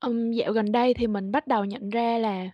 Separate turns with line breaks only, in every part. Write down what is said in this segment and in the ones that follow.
Ừm, dạo gần đây thì mình bắt đầu nhận ra là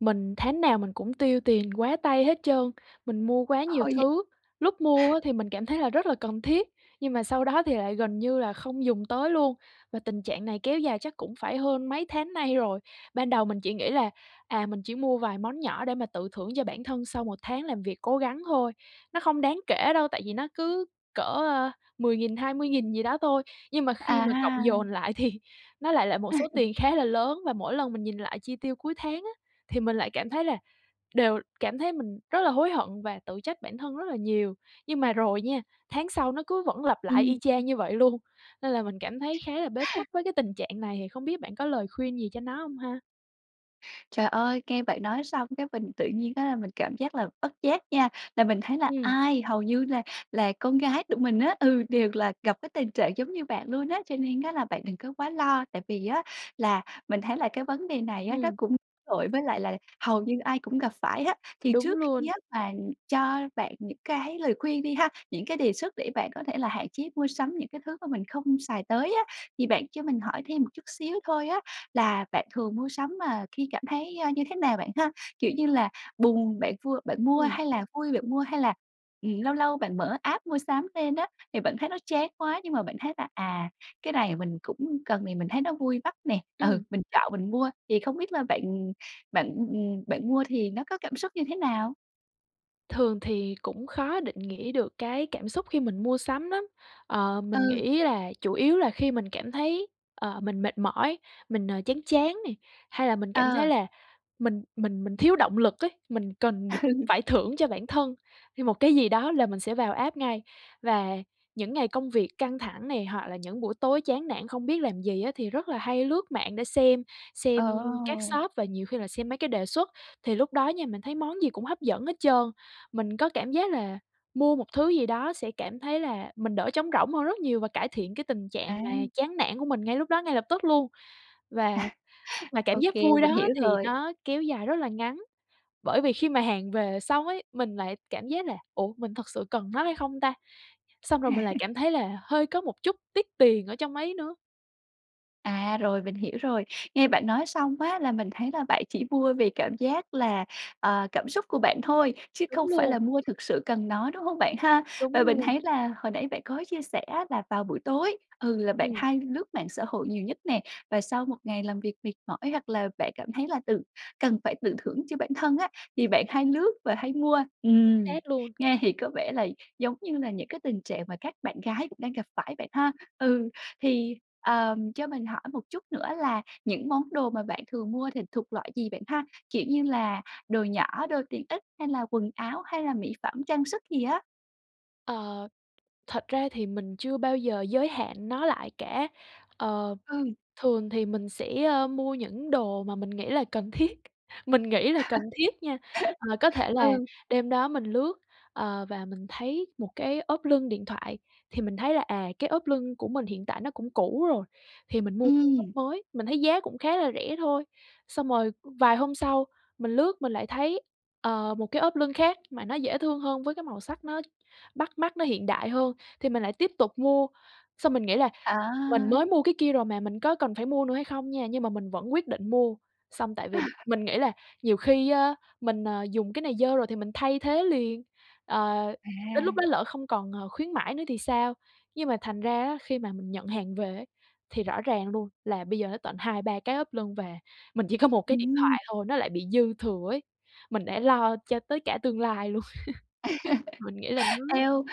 mình tháng nào mình cũng tiêu tiền quá tay hết trơn, mình mua quá nhiều
Thôi vậy
thứ, lúc mua á thì mình cảm thấy là rất là cần thiết, nhưng mà sau đó thì lại gần như là không dùng tới luôn và tình trạng này kéo dài chắc cũng phải hơn mấy tháng nay rồi. Ban đầu mình chỉ nghĩ là, à, mình chỉ mua vài món nhỏ để mà tự thưởng cho bản thân sau 1 tháng làm việc cố gắng thôi, nó không đáng kể đâu, tại vì nó cứ cỡ, ơ, 10.000, 20.000 gì đó thôi, nhưng mà khi mà cộng
À!
dồn lại thì nó lại là một số tiền khá là lớn. Và mỗi lần mình nhìn lại chi tiêu cuối tháng á thì mình lại cảm thấy là đều cảm thấy mình rất là hối hận và tự trách bản thân rất là nhiều, nhưng mà rồi nha, tháng sau nó cứ vẫn lặp lại y
Ừm.
chang như vậy luôn, nên là mình cảm thấy khá là bế tắc với cái tình trạng này, thì không biết bạn có lời khuyên gì cho nó hông ha?
Trời ơi, nghe bạn nói xong cái mình tự nhiên á là mình cảm giác là bất giác nha, là mình thấy là
Ừm.
ai hầu như là là con gái tụi mình á ừ, đều là gặp cái tình trạng giống như bạn luôn á, cho nên á là bạn đừng có quá lo tại vì á, là mình thấy là cái vấn đề này á nó
Ừm.
cũng tội với lại là hầu như ai cũng gặp phải á. Thì
Đúng
trước khi
luôn.
á mà cho bạn những cái lời khuyên đi ha, những cái đề xuất để bạn có thể là hạn chế mua sắm những cái thứ mà mình không xài tới á, thì bạn cho mình hỏi thêm một chút xíu thôi á, là bạn thường mua sắm mà khi cảm thấy, a, như thế nào bạn ha? Kiểu như là, buồn bạn vui bạn mua
Ừm.
hay là vui bạn mua hay là, ừm, lâu lâu bạn mở app mua sắm lên á thì bạn thấy nó chán quá nhưng mà bạn thấy là à, cái này mình cũng cần thì mình thấy nó vui mắt nè, ừ,
Ừm.
mình chọn mình mua, thì không biết là bạn bạn, ừm, bạn mua thì nó có cảm xúc như thế nào?
Thường thì cũng khó định nghĩa được cái cảm xúc khi mình mua sắm lắm. Ờ, mình
Ừ.
nghĩ là chủ yếu là khi mình cảm thấy, ờ, mình mệt mỏi, mình, ờ, chán chán này, hay là mình cảm thấy
Ờ.
là mình mình mình thiếu động lực ấy, mình cần được
Ừ.
phải thưởng cho bản thân hay một cái gì đó là mình sẽ vào app ngay. Và những ngày công việc căng thẳng này, hoặc là những buổi tối chán nản không biết làm gì á thì rất là hay lướt mạng để xem, xem các
Ờ.
shop và nhiều khi là xem mấy cái đề xuất. Thì lúc đó nha, mình thấy món gì cũng hấp dẫn hết trơn. Mình có cảm giác là mua một thứ gì đó sẽ cảm thấy là mình đỡ trống rỗng hơn rất nhiều và cải thiện cái tình trạng mà
À.
chán nản của mình ngay lúc đó, ngay lập tức luôn. Và mà cảm
Ô
giác
kê,
vui
mình
đó
hiểu
thì
rồi.
nó kéo dài rất là ngắn, bởi vì khi mà hàng về xong ấy, mình lại cảm giác là "Ủa, mình thật sự cần nó hay không ta?" Xong rồi mình lại
À.
cảm thấy là hơi có một chút tiếc tiền ở trong ấy nữa.
À, rồi, mình hiểu rồi. Nghe bạn nói xong á là mình thấy là bạn chỉ mua vì cảm giác là ờ, cảm xúc của bạn thôi chứ
Đúng
không phải
luôn.
là mua thực sự cần nó, đúng hông bạn ha?
Đúng
Và mình
luôn.
thấy là hồi nãy bạn có chia sẻ á là vào buổi tối, thường là bạn
Ừm.
hay lướt mạng xã hội nhiều nhất nè, và sau một ngày làm việc mệt mỏi hoặc là bạn cảm thấy là tự cần phải tự thưởng cho bản thân á, thì bạn hay lướt và hay mua.
Chính
Ừm,
xác luôn.
nghe thì có vẻ là giống như là những cái tình trạng mà các bạn gái cũng đang gặp phải bạn ha? Ừ, thì, ờ, cho mình hỏi một chút nữa là những món đồ mà bạn thường mua thì thuộc loại gì bạn ha? Kiểu như là đồ nhỏ, đồ tiện ích hay là quần áo hay là mỹ phẩm trang sức gì á?
Ờ, thật ra thì mình chưa bao giờ giới hạn nó lại cả. Ờ,
Ừ.
thường thì mình sẽ, a, mua những đồ mà mình nghĩ là cần thiết, mình nghĩ là cần thiết nha! À, có thể là
Ừ.
đêm đó mình lướt, ờ, và mình thấy một cái ốp lưng điện thoại, thì mình thấy là, à, cái ốp lưng của mình hiện tại nó cũng cũ rồi thì mình mua ốp
Ừm.
mới, mình thấy giá cũng khá là rẻ thôi. Xong rồi vài hôm sau, mình lướt mình lại thấy, ờ, một cái ốp lưng khác mà nó dễ thương hơn với cái màu sắc nó bắt mắt, nó hiện đại hơn thì mình lại tiếp tục mua. Xong mình nghĩ là mình
À!
mới mua cái kia rồi mà mình có cần phải mua nữa hay không nha, nhưng mà mình vẫn quyết định mua. Xong, tại vì mình nghĩ là nhiều khi á, mình, ờ, dùng cái này dơ rồi thì mình thay thế liền, ờ,
À.
đến lúc đó lỡ không còn, ờ, khuyến mãi nữa thì sao. Nhưng mà thành ra á, khi mà mình nhận hàng về thì rõ ràng luôn là bây giờ nó tận 2, 3 cái ốp lưng và mình chỉ có một cái điện
Ừm.
thoại thôi, nó lại bị dư thừa ấy. Mình đã lo cho tới cả tương lai luôn. Mình nghĩ là nó
Eo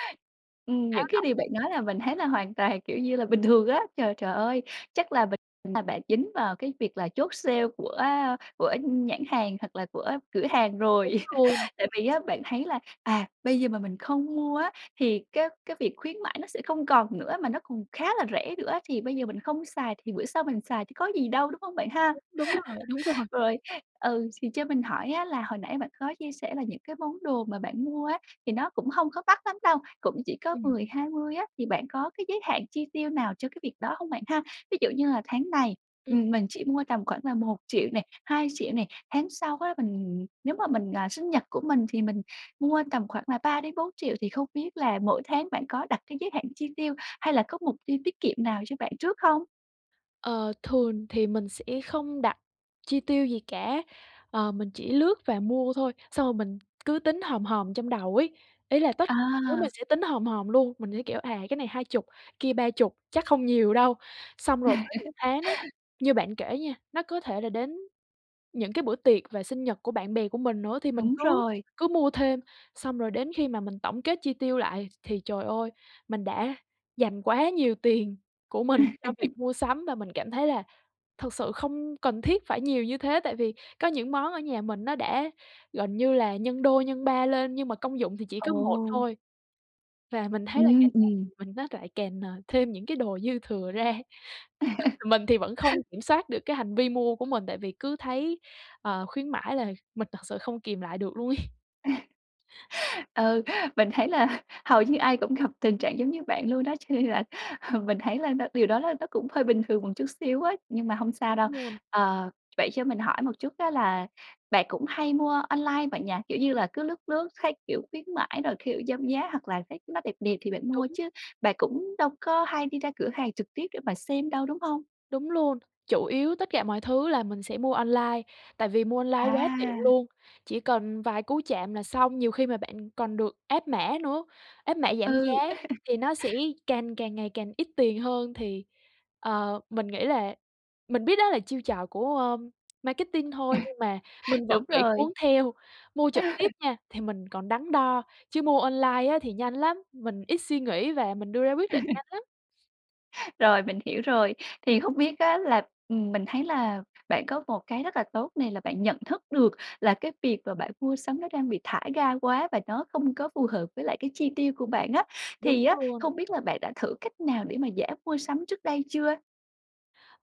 ừm,
Khá
những cái
độc.
điều bạn nói là mình thấy là hoàn toàn, kiểu như là, bình thường á. Trời, trời ơi! Chắc là bịch mà bạn dính vào cái việc là chốt sale của, a, của nhãn hàng hoặc là của cửa hàng
Đúng
rồi.
luôn.
Tại vì á bạn thấy là, à, "Bây giờ mà mình không mua á, thì cái cái việc khuyến mãi nó sẽ không còn nữa, mà nó còn khá là rẻ nữa thì bây giờ mình không xài thì bữa sau mình xài chứ có gì đâu" đúng hông bạn ha?
Đúng, đúng rồi, đúng rồi.
Rồi, ừ, xì cho mình hỏi á là hồi nãy bạn có chia sẻ là những cái món đồ mà bạn mua á thì nó cũng hông có mắc lắm đâu, cũng chỉ có
Ừm.
10, 20 á thì bạn có cái giới hạn chi tiêu nào cho cái việc đó hông bạn ha? Ví dụ như là "tháng này,
Ừm.
ừm, mình chỉ mua tầm khoảng là 1 triệu nè, 2 triệu nè, tháng sau á, mình nếu mà mình, à, sinh nhật của mình thì mình mua tầm khoảng là 3 đến 4 triệu", thì không biết là mỗi tháng bạn có đặt cái giới hạn chi tiêu hay là có mục tiêu tiết kiệm nào cho bạn trước hông?
Ờ, thường thì mình sẽ không đặt chi tiêu gì cả, ờ, mình chỉ lướt và mua thôi, xong rồi mình cứ tính hòm hòm trong đầu ấy, ý là tất thứ mình
À.
sẽ tính hòm hòm luôn, mình sẽ, kiểu, à, cái này 20, cái kia 30, chắc không nhiều đâu. Xong rồi có những tháng á, như bạn kể nha, nó có thể là đến những cái bữa tiệc về sinh nhật của bạn bè của mình nữa thì mình
Đúng
cứ
rồi.
cứ mua thêm xong rồi đến khi mà mình tổng kết chi tiêu lại thì trời ơi, mình đã dành quá nhiều tiền của mình cho việc mua sắm và mình cảm thấy là thực sự không cần thiết phải nhiều như thế tại vì có những món ở nhà mình nó đã gần như là nhân đôi, nhân ba lên nhưng mà công dụng thì chỉ có một
Ừ.
thôi và mình thấy là
Ừm,
càng ngày
ừm.
thì mình nó lại càng, à, thêm những cái đồ dư thừa ra, mình thì vẫn không kiểm soát được cái hành vi mua của mình tại vì cứ thấy, ờ, khuyến mãi là mình thật sự không kìm lại được luôn ấy.
Ừ, mình thấy là hầu như ai cũng gặp tình trạng giống như bạn luôn đso, cho nên là, ừ, mình thấy là nó điều đó là nó cũng hơi bình thường một chút xíu ấy, nhưng mà hông sao đâu.
Đúng luôn.
Ờ, vậy cho mình hỏi một chút á là bạn cũng hay mua online bạn nhỉ? Kiểu như là, cứ lướt lướt thấy, kiểu, khuyến mãi rồi, kiểu, giảm giá hoặc là thấy nó đẹp đẹp thì bạn mua
Đúng.
chứ bạn cũng đâu có hay đi ra cửa hàng trực tiếp để mà xem đâu, đúng hông?
Đúng luôn, chủ yếu tất cả mọi thứ là mình sẽ mua online, tại vì mua online quá tiện
À.
luôn, chỉ cần vài cú chạm là xong, nhiều khi mà bạn còn được áp mã nữa, áp mã giảm giá
Ừ.
thì nó sẽ càng càng ngày càng ít tiền hơn thì, ờ, mình nghĩ là mình biết đó là chiêu trò của, ơ, marketing thôi nhưng mà mình vẫn
Đúng
bị
rồi.
cuốn theo. Mua trực tiếp nha thì mình còn đắn đo, chứ mua online á thì nhanh lắm, mình ít suy nghĩ và mình đưa ra quyết định nhanh lắm.
Rồi, mình hiểu rồi, thì hông biết á là ừm, mình thấy là bạn có một cái rất là tốt này là bạn nhận thức được là cái việc mà bạn mua sắm nó đang bị thả ga quá và nó không có phù hợp với lại cái chi tiêu của bạn á,
Đúng
thì á
luôn.
không biết là bạn đã thử cách nào để mà giảm mua sắm trước đây chưa?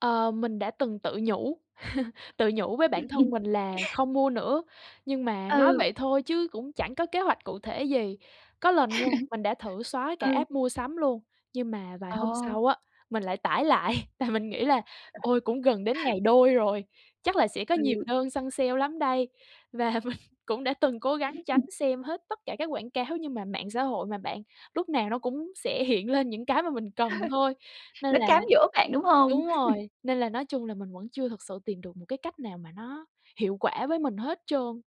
Ờ, mình đã từng tự nhủ tự nhủ với bản thân mình là không mua nữa, nhưng mà nói
Ừ.
vậy thôi chứ cũng chẳng có kế hoạch cụ thể gì. Có lần nha, mình đã thử xóa cả
Ừ.
app mua sắm luôn, nhưng mà vài hôm
Ờ.
sau á, mình lại tải lại, tại mình nghĩ là "Ôi! Cũng gần đến ngày đôi rồi, chắc là sẽ có nhiều
Ừ.
đơn săn sale lắm đây!" Và mình cũng đã từng cố gắng tránh xem hết tất cả các quảng cáo, nhưng mà mạng xã hội mà bạn lúc nào nó cũng sẽ hiện lên những cái mà mình cần thôi. Nên
Nó
là
cám dỗ bạn, đúng hông?
đúng rồi, nên là nói chung là mình vẫn chưa thực sự tìm được một cái cách nào mà nó hiệu quả với mình hết trơn.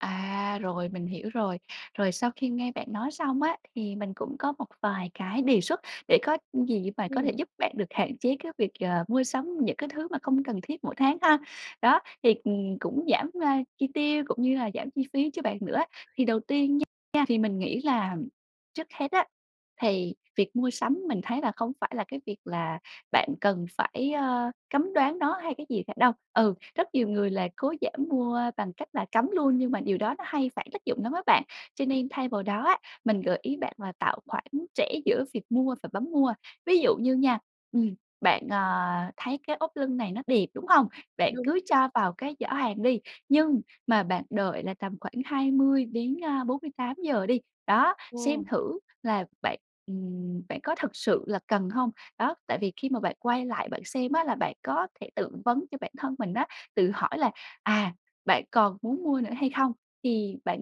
À, rồi, mình hiểu rồi. Rồi sau khi nghe bạn nói xong á, thì mình cũng có một vài cái đề xuất, để có gì á mà có
Ừm.
thể giúp bạn được hạn chế cái việc, ờ, mua sắm những cái thứ mà không cần thiết mỗi tháng ha. Đó, thì, ừm, cũng giảm, a, chi tiêu cũng như là giảm chi phí cho bạn nữa á. Thì đầu tiên nha nha thì mình nghĩ là, ờm, trước hết á, thì việc mua sắm mình thấy là không phải là cái việc là bạn cần phải, ơ, cấm đoán nó hay cái gì cả đâu, ừ, rất nhiều người là cố giảm mua bằng cách là cấm luôn nhưng mà điều đó nó hay phản tác dụng lắm á bạn. Cho
Ừm.
nên thay vào đó á, mình gợi ý bạn là tạo khoản trễ giữa việc mua và bấm mua, ví dụ như nha, ừm, bạn, à, thấy cái ốp lưng này nó đẹp, đúng hông? Bạn
Đúng.
cứ cho vào cái giỏ hàng đi, nhưng mà bạn đợi là tầm khoảng 20 đến, a, 48 giờ đi. Đó, xem
Ờ.
thử là bạn, ừm, bạn có thực sự là cần hông? Đó, tại vì khi mà bạn quay lại bạn xem á, là bạn có thể tự vấn cho bản thân mình á, tự hỏi là à bạn còn muốn mua nữa hay không? Thì bạn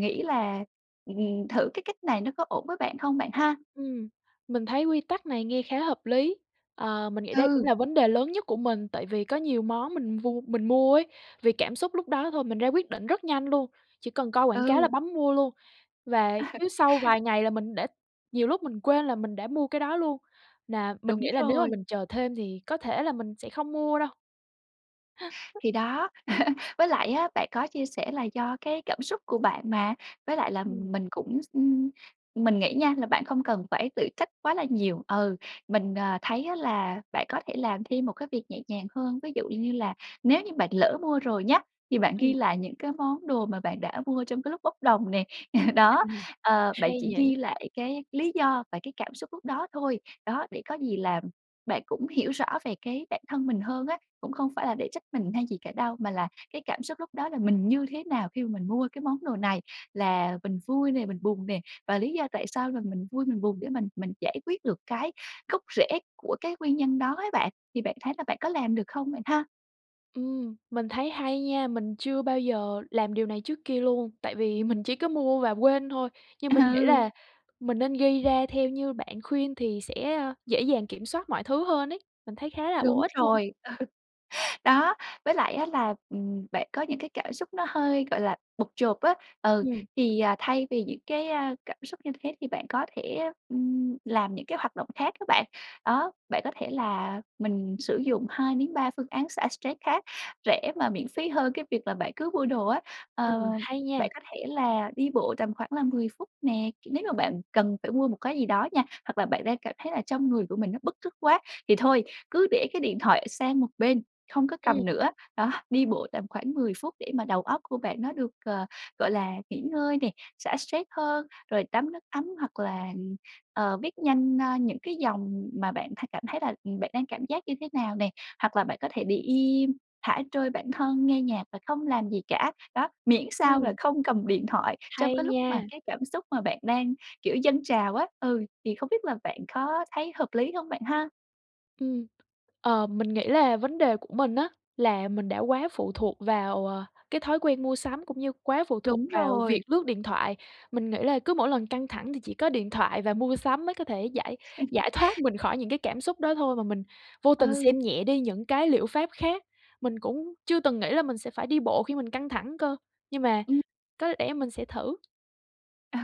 nghĩ là, ừm, ừm, thử cái cách này nó có ổn với bạn hông bạn ha?
Ừm, mình thấy quy tắc này nghe khá hợp lý. Ờ, mình nghĩ đây cũng
Ừ.
là vấn đề lớn nhất của mình, tại vì có nhiều món mình vua mình mua ấy, vì cảm xúc lúc đó thôi, mình ra quyết định rất nhanh luôn, chỉ cần coi quảng cáo là
Ừ.
bấm mua luôn. Và chứ sau vài ngày là mình đã nhiều lúc mình quên là mình đã mua cái đó luôn, là mình
Đúng
nghĩ là nếu mà
rồi.
mình chờ thêm thì có thể là mình sẽ không mua đâu. [unintelligible]
Thì đó, với lại á, bạn có chia sẻ là do cái cảm xúc của bạn mà, với lại là
Ừm.
mình cũng x ưm, mình nghĩ nha là bạn không cần phải tự trách quá là nhiều, ừ, mình, à, thấy á, là bạn có thể làm thêm một cái việc nhẹ nhàng hơn, ví dụ như là nếu như bạn lỡ mua rồi nhá, thì bạn ghi
Ừm.
lại những cái món đồ mà bạn đã mua trong cái lúc bốc đồng nè. Đó,
Ừm.
ờ, bạn
Hay
chỉ ghi
nhỉ.
lại cái lý do và cái cảm xúc lúc đó thôi. Đó, để có gì là bạn cũng hiểu rõ về cái bản thân mình hơn á, cũng không phải là để trách mình hay gì cả đâu, mà là cái cảm xúc lúc đó là mình như thế nào khi mà mình mua cái món đồ này, là mình vui nè, mình buồn nè, và lý do tại sao là mình vui mình buồn để mình mình giải quyết được cái gốc rễ của cái nguyên nhân đó á bạn, thì bạn thấy là bạn có làm được không bạn ha?
Ừm, mình thấy hay nha. Mình chưa bao giờ làm điều này trước kia luôn, tại vì mình chỉ có mua và quên thôi, nhưng mình nghĩ
Ừ.
là mình nên ghi ra theo như bạn khuyên thì sẽ, a, dễ dàng kiểm soát mọi thứ hơn ấy, mình thấy khá là bổ
Đúng
ích luôn.
rồi. Ừ. Đó, với lại á là, ừm, bạn có những cái cảm xúc nó hơi, gọi là, bộp chộp á. Ừ,
Ừm.
thì, à, thay vì những cái, a, cảm xúc như thế thì bạn có thể, ừm, làm những cái hoạt động khác á bạn. Đó, bạn có thể là mình sử dụng 2-3 phương án xả stress khác rẻ mà miễn phí hơn cái việc là bạn cứ mua đồ á. Ờ,
Ừm, hay nha!
bạn có thể là đi bộ tầm khoảng là 10 phút nè, kiểu, nếu mà bạn cần phải mua một cái gì đó nha, hoặc là bạn đang cảm thấy là trong người của mình nó bứt rứt quá thì thôi cứ để cái điện thoại sang một bên, hông có
Ừm.
cầm nữa. Đó, đi bộ tầm khoảng 10 phút để mà đầu óc của bạn nó được, ờ, gọi là, nghỉ ngơi nè, xả stress hơn, rồi tắm nước ấm hoặc là, ừm, ờ, viết nhanh, a, những cái dòng mà bạn thay cảm thấy là, ừm, bạn đang cảm giác như thế nào nè. Hoặc là bạn có thể để im, thả trôi bản thân, nghe nhạc và không làm gì cả. Đó, miễn sao là
Ừm.
không cầm điện thoại trong
Hay
cái lúc mà
nha!
cái cảm xúc mà bạn đang kiểu dâng trào á. Ừ, thì không biết là bạn có thấy hợp lý hông bạn ha?
Ừm, ờ, mình nghĩ là vấn đề của mình á là mình đã quá phụ thuộc vào, ờ, cái thói quen mua sắm cũng như quá phụ thuộc
Đúng
vào việc
rồi.
lướt điện thoại, mình nghĩ là cứ mỗi lần căng thẳng thì chỉ có điện thoại và mua sắm mới có thể giải giải thoát mình khỏi những cái cảm xúc đó thôi mà mình vô tình
Ừ.
xem nhẹ đi những cái liệu pháp khác, mình cũng chưa từng nghĩ là mình sẽ phải đi bộ khi mình căng thẳng cơ, nhưng mà
Ừm.
có lẽ mình sẽ thử.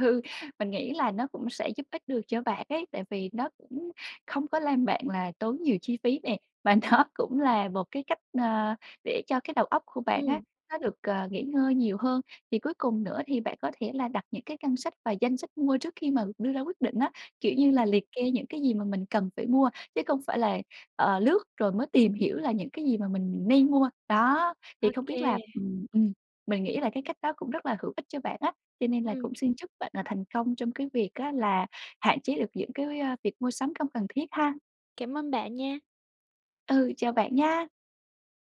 Ừ, mình nghĩ là nó cũng sẽ giúp ích được cho bạn ấy, tại vì nó cũng không có làm bạn là tốn nhiều chi phí nè, và nó cũng là một cái cách, ờ, để cho cái đầu óc của bạn á
Ừm.
nó được, ờ, nghỉ ngơi nhiều hơn. Thì cuối cùng nữa thì bạn có thể là đặt những cái ngân sách và danh sách mua trước khi mà đưa ra quyết định á, kiểu, như
Ừm.
là liệt kê những cái gì mà mình cần phải mua chứ không phải là, ờ, lướt rồi mới tìm hiểu là những cái gì mà mình nên mua. Đó,
Ô
thì không biết
kê.
là ừm, ừm, mình nghĩ là cái cách đó cũng rất là hữu ích cho bạn á cho nên là
Ừm.
cũng xin chúc bạn là thành công trong cái việc á là hạn chế được những cái, a, việc mua sắm không cần thiết ha.
Cảm ơn bạn nha!
Ừ, chào bạn nha!